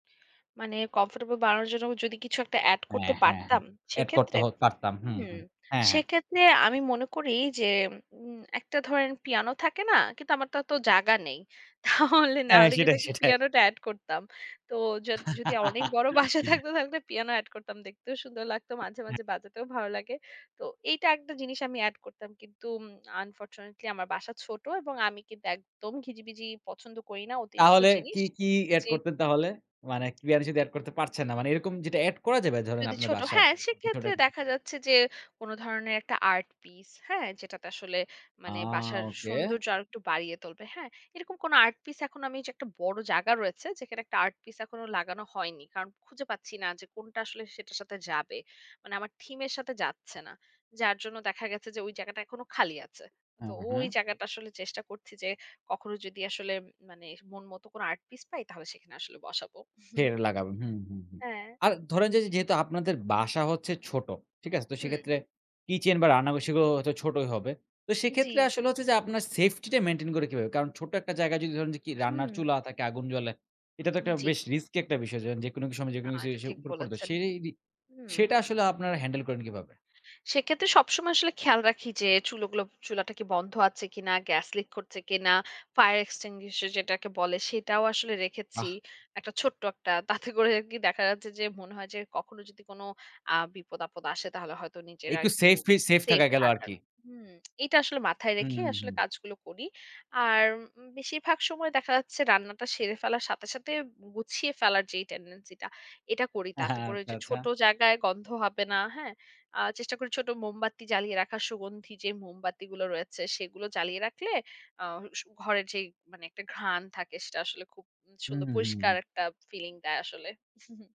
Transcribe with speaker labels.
Speaker 1: মানে কমফোর্টেবল বানানোর জন্য যদি কিছু একটা এড
Speaker 2: হ্যাঁ,
Speaker 1: করতে
Speaker 2: হ্যাঁ, হ্যাঁ।
Speaker 1: পারতাম
Speaker 2: এড করতে
Speaker 1: সেক্ষেত্রে?
Speaker 2: হ পারতাম। হু, হু।
Speaker 1: হুম।
Speaker 2: হ্যাঁ, হ্যাঁ।
Speaker 1: সেক্ষেত্রে আমি মনে করি যে, উম একটা ধরেন পিয়ানো থাকে না, কিন্তু আমার তো অতো জায়গা নেই। তাহলে না
Speaker 2: হ্যাঁ
Speaker 1: হলে কিন্তু
Speaker 2: সেটাই,
Speaker 1: একটা
Speaker 2: সেটাই।
Speaker 1: পিয়ানোটা এড করতাম। তো যদ যদি অনেক বড় বাসা থাকত থাকতে পিয়ানো এড করতাম। দেখতেও সুন্দর লাগত। মাঝে,
Speaker 2: হ্যাঁ।
Speaker 1: মাঝে বাজাতেও ভালো লাগে। তো এইটা একটা জিনিস আমি এড করতাম। কিন্তু উম আনফরচুনেটলি আমার বাসা ছোট এবং আমি কিন্তু একদম ঘিজিবিজি পছন্দ করি না। অতিরিক্ত
Speaker 2: তাহলে কি,
Speaker 1: জিনিস
Speaker 2: কি এড
Speaker 1: জি।
Speaker 2: করতেন তাহলে? মানে কি [unintelligible] শুধু এড করতে পারছেন না। মানে এরকম যেটা এড করা যাবে ধরেন
Speaker 1: যদি
Speaker 2: আপনার
Speaker 1: ছোট
Speaker 2: বাসায়
Speaker 1: হ্যাঁ, সেক্ষেত্রে
Speaker 2: [unintelligible]
Speaker 1: দেখা যাচ্ছে যে কোনো ধরনের একটা আর্ট পিস, হ্যাঁ? যেটাতে আসলে
Speaker 2: আ
Speaker 1: মানে বাসার
Speaker 2: ওকে।
Speaker 1: সৌন্দর্য আরো একটু বাড়িয়ে তুলবে। হ্যাঁ? এরকম কোনো আর্ট পিস এখন আমি একটা বড় জায়গা রয়েছে, যেখানে একটা আর্ট পিস এখনো লাগানো হয়নি। কারণ খুঁজে পাচ্ছি না যে কোনটা আসলে সেটার সাথে যাবে। মানে আমার থিমের সাথে যাচ্ছে না। যার জন্য দেখা গেছে যে ওই জায়গাটা এখনো খালি আছে। তো
Speaker 2: হ্যাঁ, হ্যাঁ,
Speaker 1: ওই
Speaker 2: হ্যাঁ।
Speaker 1: জায়গাটা আসলে চেষ্টা করছি যে কখনো যদি আসলে মানে মন মতো কোনো আর্ট পিস পাই, তাহলে সেখানে আসলে বসাবো।
Speaker 2: সেখানে লাগাবেন হু, হু, হু।
Speaker 1: হ্যাঁ।
Speaker 2: আর ধরেন যে যে
Speaker 1: জি।
Speaker 2: যেহেতু আপনাদের বাসা হচ্ছে ছোট। ঠিক আছে? তো
Speaker 1: হুম।
Speaker 2: সেক্ষেত্রে কিচেন বা রান্না গ সেগুলো হয়তো ছোটই হবে। তো সেক্ষেত্রে
Speaker 1: জি।
Speaker 2: আসলে হচ্ছে যে আপনার সেফটিটা মেইনটেইন করে কিভাবে? কারণ ছোট একটা জায়গায় যদি ধরেন যে কি রান্নার
Speaker 1: হুম।
Speaker 2: চুলা থাকে আগুন জ্বলে, এটা তো একটা
Speaker 1: জি।
Speaker 2: বেশ রিস্কি একটা বিষয় যেকোনো সময়
Speaker 1: না,
Speaker 2: যেকোনো
Speaker 1: এটা
Speaker 2: কিছু
Speaker 1: ঠিক
Speaker 2: উপরে পড়ে তো
Speaker 1: বলেছেন।
Speaker 2: সেরেরি
Speaker 1: হুম।
Speaker 2: সেটা আসলে আপনারা হ্যান্ডেল করেন কীভাবে?
Speaker 1: সেক্ষেত্রে সবসময় আসলে খেয়াল রাখি যে চুলগুলো চুলাটা কি বন্ধ আছে কিনা, গ্যাস লিক করছে কিনা। ফায়ার এক্সটিংগুইশার যেটাকে বলে, সেটাও আসলে রেখেছি।
Speaker 2: আহ!
Speaker 1: একটা ছোট্ট একটা। তাতে করে আরকি দেখা যাচ্ছে যে মনে হয় যে কখনো যদি কোনো আ বিপদ-আপদ আসে, তাহলে হয়তো নিজেরা
Speaker 2: একটু
Speaker 1: একটু
Speaker 2: সেফ ফি সেফ
Speaker 1: সেফ
Speaker 2: থাকা গেল
Speaker 1: থাকার।
Speaker 2: আরকি।
Speaker 1: হুম, এটা আসলে মাথায়
Speaker 2: হুম,
Speaker 1: রেখে
Speaker 2: হু।
Speaker 1: আসলে কাজগুলো করি। আর উম বেশিরভাগ সময় দেখা যাচ্ছে রান্নাটা সেরে ফেলার সাথে, সাথে গুছিয়ে ফেলার যে টেনডেন্সি টা এটা করি তাতে করে
Speaker 2: আচ্ছা,
Speaker 1: যে
Speaker 2: আচ্ছা।
Speaker 1: ছোট জায়গায় গন্ধ হবে না। হ্যাঁ? আ চেষ্টা করি ছোট মোমবাতি জ্বালিয়ে রাখার সুগন্ধি যে মোমবাতিগুলো রয়েছে, সেগুলো জ্বালিয়ে রাখলে আ স ঘরে যে মানে একটা ঘ্রাণ থাকে, সেটা আসলে খুব
Speaker 2: হু,
Speaker 1: সুন্দর
Speaker 2: হু, হুম।
Speaker 1: পরিষ্কার একটা ফিলিং দেয় আসলে।